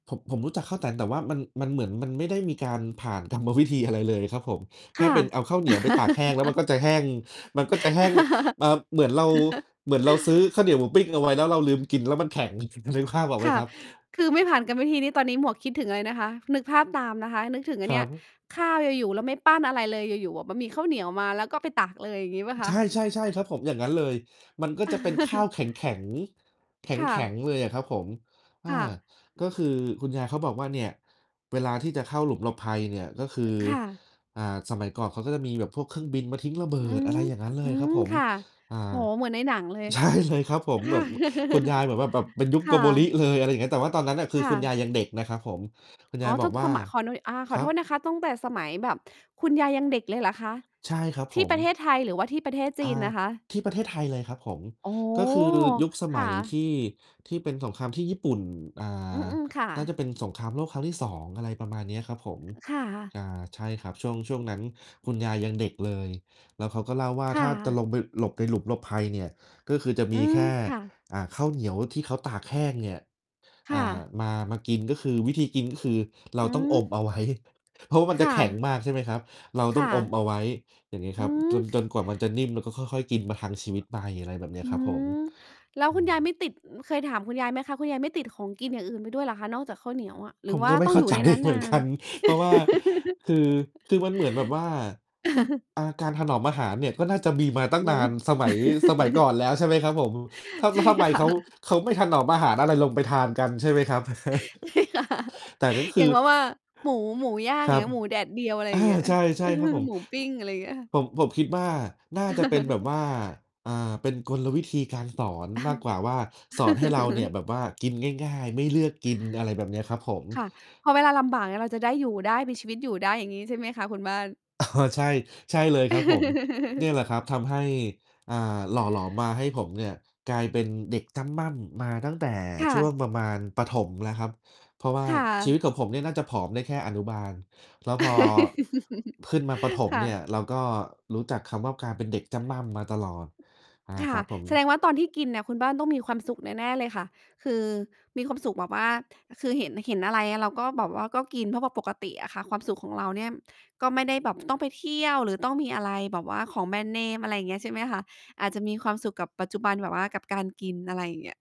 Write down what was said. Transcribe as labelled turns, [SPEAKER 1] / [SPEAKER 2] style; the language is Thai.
[SPEAKER 1] ผม ผมรู้จักข้าวแต๋น แต่ว่า มัน มันเหมือน มันไม่ได้มีการผ่านกรรม วิธี อะไรเลยครับผม แ
[SPEAKER 2] ค
[SPEAKER 1] ค่
[SPEAKER 2] ่ะ
[SPEAKER 1] เป็นเอาข้าวเหนียวไปตากแห้ง แล้วมันก็จะแห้ง มันก็จะแห้ง อ่า เหมือนเรา เหมือนเราซื้อข้าวเหนียวหมูปิ้งเอาไว้ แล้วเราลืมกิน แล้วมันแข็ง นึ นึกภาพออกไห
[SPEAKER 2] ค
[SPEAKER 1] ม
[SPEAKER 2] ่ะ
[SPEAKER 1] ครับ?
[SPEAKER 2] คือไม่ผ่านกรรมวิธีนี้ ตอนนี้หมวกคิดถึงอะไรนะคะ นึกภาพตามนะคะ นึกถึงอ
[SPEAKER 1] ค
[SPEAKER 2] ันเ
[SPEAKER 1] ร
[SPEAKER 2] น
[SPEAKER 1] ั
[SPEAKER 2] ี่ย
[SPEAKER 1] บ
[SPEAKER 2] ข้าวอยู่ ๆ แล้วไม่ปั้นอะไรเลย อยู่ ๆ อะ มันมีข้าวเหนียวมา แล้วก็ไปตักเลย อย่างงี้เปล่าค
[SPEAKER 1] ใช
[SPEAKER 2] ะ?
[SPEAKER 1] ่ ๆ ๆ ครับผม อย่างงั้นเลย มันก็จะเป็นข้าวแข็ง ๆ แข
[SPEAKER 2] ค่
[SPEAKER 1] ็ง
[SPEAKER 2] ะ
[SPEAKER 1] ๆ เลยอะครับผม อา
[SPEAKER 2] ค่ะ
[SPEAKER 1] ก็คือคุณยายเขาบอกว่า เนี่ยเวลาที่จะเข้าหลุมหลบภัยเนี่ย ก็คือ
[SPEAKER 2] ค่ะ
[SPEAKER 1] อ่า สมัยก่อนเขาก็จะมีแบบพวกเครื่องบินมาทิ้งระเบิ
[SPEAKER 2] อื
[SPEAKER 1] ด อ
[SPEAKER 2] ม
[SPEAKER 1] ะไรอย่างงั้นเล
[SPEAKER 2] อื
[SPEAKER 1] ยครั
[SPEAKER 2] ม
[SPEAKER 1] บผม
[SPEAKER 2] ค่ะ
[SPEAKER 1] อ่า
[SPEAKER 2] โอ้โฮ เหมือนในหนังเลย
[SPEAKER 1] ใช่เลยครับผม
[SPEAKER 2] ค
[SPEAKER 1] แ
[SPEAKER 2] ่
[SPEAKER 1] บ
[SPEAKER 2] ะ
[SPEAKER 1] บคุณยายแบบว่าแบบเป็นยุค
[SPEAKER 2] ค
[SPEAKER 1] โก
[SPEAKER 2] ่
[SPEAKER 1] โบริ
[SPEAKER 2] ะ
[SPEAKER 1] เลย อะไรอย่างเงี้ย แต่ว่าตอนนั้นน่ะ คื
[SPEAKER 2] ค
[SPEAKER 1] อ
[SPEAKER 2] ่
[SPEAKER 1] คุณย
[SPEAKER 2] ะ
[SPEAKER 1] ายยังเด็กนะครับผม คุณย
[SPEAKER 2] อ๋
[SPEAKER 1] า
[SPEAKER 2] อ
[SPEAKER 1] ยบ
[SPEAKER 2] ต
[SPEAKER 1] อ
[SPEAKER 2] ้อ
[SPEAKER 1] ก
[SPEAKER 2] ง
[SPEAKER 1] ว่
[SPEAKER 2] ส
[SPEAKER 1] า
[SPEAKER 2] มัคร ขอนวย ข
[SPEAKER 1] ค
[SPEAKER 2] อ
[SPEAKER 1] รั
[SPEAKER 2] โท
[SPEAKER 1] บ
[SPEAKER 2] ษนะคะ ตั้งแต่สมัยแบบคุณยายยังเด็กเลยเหรอคะ?
[SPEAKER 1] ใช่ครับ
[SPEAKER 2] ท
[SPEAKER 1] ผ
[SPEAKER 2] ี่
[SPEAKER 1] ม
[SPEAKER 2] ประเทศไทย หรือว่าที่ประเทศจ
[SPEAKER 1] อ่า
[SPEAKER 2] ีนนะคะ?
[SPEAKER 1] ที่ประเทศไทยเลยครับผม
[SPEAKER 2] อ๋อ
[SPEAKER 1] ก็คือยุคส
[SPEAKER 2] ค
[SPEAKER 1] ม
[SPEAKER 2] ่
[SPEAKER 1] ั
[SPEAKER 2] ะ
[SPEAKER 1] ยที่ ที่เป็นสงครามที่ญี่ปุ่น อ่
[SPEAKER 2] อื
[SPEAKER 1] า
[SPEAKER 2] ม ๆ ค่
[SPEAKER 1] น่าจ
[SPEAKER 2] ะ
[SPEAKER 1] ะเป็นสงครามโลกครั้งที่ 2 อะไรประมาณเนี้ยครับผม
[SPEAKER 2] เออ ค่ะ
[SPEAKER 1] อ่า ใช่ครับ ช่วง ช่วงนั้นคุณยายยังเด็กเลย แล้วเขาก็เล่าว่า
[SPEAKER 2] ค
[SPEAKER 1] ถ
[SPEAKER 2] ่
[SPEAKER 1] ้าจะ
[SPEAKER 2] ะ
[SPEAKER 1] ลงไปหลบในหลุมหลบภัยเนี่ย ก็คือจะ
[SPEAKER 2] อ
[SPEAKER 1] ม
[SPEAKER 2] ื
[SPEAKER 1] ีแ
[SPEAKER 2] ม
[SPEAKER 1] ค่
[SPEAKER 2] ค่ะ
[SPEAKER 1] อ่า ข้าวเหนียวที่เขาตากแห้งเนี่ย
[SPEAKER 2] ค
[SPEAKER 1] อ
[SPEAKER 2] ่
[SPEAKER 1] ่า
[SPEAKER 2] ะ
[SPEAKER 1] มา มากิน ก็คือวิธีกิน ก็คือเรา
[SPEAKER 2] อื
[SPEAKER 1] ต้องอม
[SPEAKER 2] ม
[SPEAKER 1] เอา ไว้ เพราะ มัน
[SPEAKER 2] ค
[SPEAKER 1] จะ
[SPEAKER 2] ่
[SPEAKER 1] แข็ง
[SPEAKER 2] ะ
[SPEAKER 1] มาก ใช่ไหมครับ เรา
[SPEAKER 2] ค
[SPEAKER 1] ต้อ
[SPEAKER 2] ่
[SPEAKER 1] งอม
[SPEAKER 2] ะ
[SPEAKER 1] เอาไว้ อย่างงี้
[SPEAKER 2] อ
[SPEAKER 1] ค
[SPEAKER 2] ื
[SPEAKER 1] รับ จน จ
[SPEAKER 2] ม
[SPEAKER 1] นกว่ามันจะนิ่ม แล้วก็ค่อย ๆ กินประทังชีวิตไป อะไรแบบเนี้
[SPEAKER 2] อื
[SPEAKER 1] ยครับผม
[SPEAKER 2] ม แล้ว
[SPEAKER 1] อื
[SPEAKER 2] คุณยายไม
[SPEAKER 1] อ
[SPEAKER 2] ่ติด เคยถามคุณยายไหมคะ? คุณยายไม่ติดของกินอย่างอื่นไปด้วยเหรอคะ นอกจากข้าวเหนียวอะ? หรื
[SPEAKER 1] ผ
[SPEAKER 2] อ
[SPEAKER 1] ม
[SPEAKER 2] ว่า
[SPEAKER 1] ก็ไม
[SPEAKER 2] ต
[SPEAKER 1] ่
[SPEAKER 2] ้อ
[SPEAKER 1] เ
[SPEAKER 2] ง
[SPEAKER 1] ข้
[SPEAKER 2] อ
[SPEAKER 1] า
[SPEAKER 2] ยู่
[SPEAKER 1] ใจ
[SPEAKER 2] ในนั้น
[SPEAKER 1] เ
[SPEAKER 2] น
[SPEAKER 1] หมื
[SPEAKER 2] า
[SPEAKER 1] อนก
[SPEAKER 2] น
[SPEAKER 1] ัน เพราะว่า คือ คือมันเหมือนแบบว่า ค อ่า การถนอมอาหารเนี่ย ก็น่าจะมีมาตั้
[SPEAKER 2] อื
[SPEAKER 1] งนา
[SPEAKER 2] ม
[SPEAKER 1] น สมัย สมัยก่อนแล้ว ใช่ไหมครับผม ท
[SPEAKER 2] ใช่
[SPEAKER 1] ำ ทำไม
[SPEAKER 2] ค
[SPEAKER 1] เ
[SPEAKER 2] ่
[SPEAKER 1] ข
[SPEAKER 2] ะ
[SPEAKER 1] า เขาไม่ถนอมอาหารอะไรลงไปทานกันใช่ไหมครับ?
[SPEAKER 2] ใช่ค่ะ
[SPEAKER 1] แต่ก็
[SPEAKER 2] เ
[SPEAKER 1] ค
[SPEAKER 2] พี
[SPEAKER 1] ื
[SPEAKER 2] ยง
[SPEAKER 1] อ
[SPEAKER 2] เพราะว่า หมู หมูย่าง
[SPEAKER 1] ค
[SPEAKER 2] อย
[SPEAKER 1] ร
[SPEAKER 2] ่าง
[SPEAKER 1] ั
[SPEAKER 2] เ
[SPEAKER 1] บ
[SPEAKER 2] งี้ย หมูแดดเดียว อะไร
[SPEAKER 1] อ
[SPEAKER 2] อย
[SPEAKER 1] า
[SPEAKER 2] ่างเงี้ย
[SPEAKER 1] ใช
[SPEAKER 2] อ
[SPEAKER 1] ่ ๆ ครับผม
[SPEAKER 2] หมูปิ้ง อะไรอย่างเงี้ยค่ะ
[SPEAKER 1] ผม ผมคิดว่า น่าจะเป็นแบบว่า อ่า เป็นกลวิธีการสอนมากกว่าว่า สอนให้เราเนี่ยแบบว่ากินง่าย ๆ ไม่เลือกกิน อะไรแบบเนี้ยครับผม
[SPEAKER 2] ค่ะ พอเวลาลำบากเนี่ย เราจะได้อยู่ได้ มีชีวิตอยู่ได้ อย่างงี้ ใช่ไหมคะคุณบ้าน?
[SPEAKER 1] อ๋อ ใช่ ใช่เลยครับผม เนี่ยแหละครับ ทำให้ อ่า หล่อหลอมมาให้ผมเนี่ย กลายเป็นเด็กจ้ำม่ำมาตั้งแต่
[SPEAKER 2] ค่
[SPEAKER 1] ช่ว
[SPEAKER 2] ะ
[SPEAKER 1] งประมาณประถมแล้วครับ เพราะว่า
[SPEAKER 2] ค่
[SPEAKER 1] ชีวิ
[SPEAKER 2] ะ
[SPEAKER 1] ตของผมเนี่ย น่าจะผอมได้แค่อนุบาล แล้วพอขึ้นมาประถม
[SPEAKER 2] ค่
[SPEAKER 1] เนี่
[SPEAKER 2] ะ
[SPEAKER 1] ย เราก็รู้จักคำว่า กลายเป็นเด็กจ้ำม่ำมาตลอด อา
[SPEAKER 2] ค
[SPEAKER 1] ค
[SPEAKER 2] ่
[SPEAKER 1] ร
[SPEAKER 2] ะ
[SPEAKER 1] ับผ
[SPEAKER 2] แสด
[SPEAKER 1] ม
[SPEAKER 2] งว่าตอนที่กินน่ะ คุณบ้านต้องมีความสุขแน่ ๆ เลยค่ะ คือมีความสุขแบบว่า คือ เห็น เห็นอะไร เราก็แบบว่าก็กิน เพราะว่าปกติอะค่ะความสุขของเราเนี่ย ก็ไม่ได้แบบ ต้องไปเที่ยว หรือต้องมีอะไรแบบว่าของแบรนด์เนม อะไรอย่างเงี้ย ใช่ไหมคะ? อาจจะมีความสุขกับปัจจุบันแบบว่ากับการกิน อะไรอย่างเงี้ย